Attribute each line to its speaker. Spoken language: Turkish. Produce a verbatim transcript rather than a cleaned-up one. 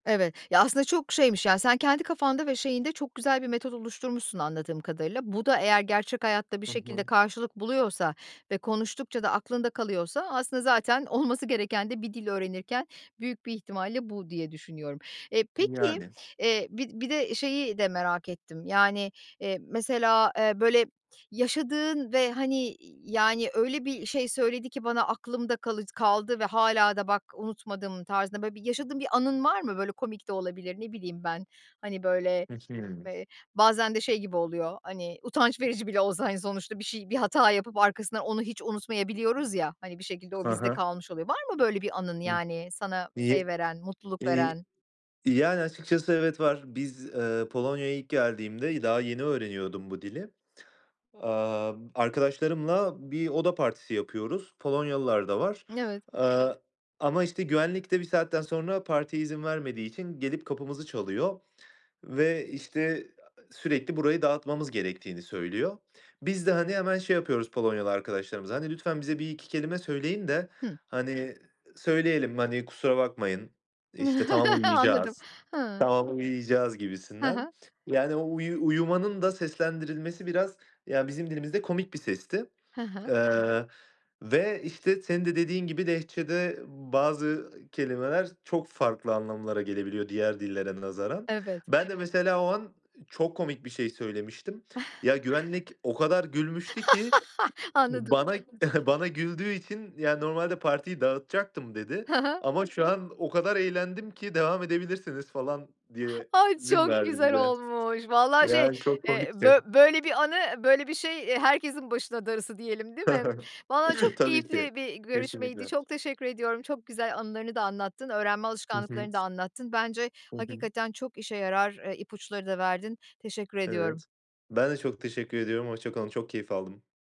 Speaker 1: Evet ya, aslında çok şeymiş, yani, sen kendi kafanda ve şeyinde çok güzel bir metot oluşturmuşsun anladığım kadarıyla. Bu da eğer gerçek hayatta bir
Speaker 2: Hı
Speaker 1: şekilde
Speaker 2: hı.
Speaker 1: karşılık buluyorsa ve konuştukça da aklında kalıyorsa aslında zaten olması gereken de bir dil öğrenirken büyük bir ihtimalle bu diye düşünüyorum. Eee, peki,
Speaker 2: Yani.
Speaker 1: eee, bir bir de şeyi de merak ettim, yani, eee, mesela, eee, böyle yaşadığın ve, hani, y yani, öyle bir şey söyledi ki bana aklımda kalıc kaldı ve hâlâ da bak, unutmadım tarzında böyle bir yaşadığın bir anın var mı? Böyle komik de olabilir ne bileyim ben, hani, böyle,
Speaker 2: [unintelligible]
Speaker 1: eee, bazen de şey gibi oluyor, hani, utanç verici bile olsa, hani, sonuçta bir şey bir hata yapıp arkasından onu hiç unutmayabiliyoruz ya, hani, bir şekilde o
Speaker 2: Ha
Speaker 1: bizde
Speaker 2: ha.
Speaker 1: kalmış oluyor. Var mı böyle bir anın,
Speaker 2: Hıh,
Speaker 1: yani, sana
Speaker 2: e
Speaker 1: şey veren, mutluluk
Speaker 2: eee,
Speaker 1: veren?
Speaker 2: yani, açıkçası evet, var. Biz, eee, Polonya'ya ilk geldiğimde, daha yeni öğreniyordum bu dili, aaa, b arkadaşlarımla bir oda partisi yapıyoruz. Polonyalılar da var,
Speaker 1: N evet.
Speaker 2: aaa, ama işte güvenlik de bir saatten sonra partiye izin vermediği için gelip kapımızı çalıyor ve işte, aaa, sürekli burayı dağıtmamız gerektiğini söylüyor. Biz de, hani, hemen şey yapıyoruz Polonyalı arkadaşlarımıza, hani, lütfen bize bir iki kelime söyleyin de,
Speaker 1: Hıh.
Speaker 2: hani, söyleyelim, hani, kusura bakmayın, eee, işte tamam
Speaker 1: Anladım,
Speaker 2: uyuyacağız,
Speaker 1: ha.
Speaker 2: tamam uyuyacağız
Speaker 1: He he.
Speaker 2: gibisinden. Yani, o uyu uyumanın da seslendirilmesi biraz ya, bizim dilimizde komik bir sesti,
Speaker 1: He he.
Speaker 2: eee, ve işte, senin de dediğin gibi Lehçe'de bazı kelimeler çok farklı anlamlara gelebiliyor, diğer dillere nazaran.
Speaker 1: Evet.
Speaker 2: Ben de mesela o an çok komik bir şey söylemiştim. Ya, güvenlik o kadar gülmüştü ki
Speaker 1: Anladım.
Speaker 2: bana bana güldüğü için, yani, normalde partiyi dağıtacaktım dedi
Speaker 1: Ha ha.
Speaker 2: ama şu an o kadar eğlendim ki devam edebilirsiniz falan diye
Speaker 1: Ay,
Speaker 2: izin
Speaker 1: çok
Speaker 2: verdi
Speaker 1: güzel
Speaker 2: bize,
Speaker 1: olmuş vallahi şey,
Speaker 2: yani, çok
Speaker 1: eee,
Speaker 2: komikti.
Speaker 1: böy böyle bir anı böyle bir şey, eee, herkesin başına darısı diyelim, değil mi? Vallahi çok
Speaker 2: Tabii ki,
Speaker 1: keyifli bir görüşmeydi,
Speaker 2: kesinlikle.
Speaker 1: çok teşekkür ediyorum çok güzel anılarını da anlattın öğrenme
Speaker 2: Hı hı.
Speaker 1: alışkanlıklarını da anlattın bence
Speaker 2: Hı hı.
Speaker 1: hakikaten çok işe yarar, eee, ipuçları da verdin. Teşekkür ediyorum.
Speaker 2: Evet, ben de çok teşekkür ediyorum hoşça kalın. Çok keyif aldım.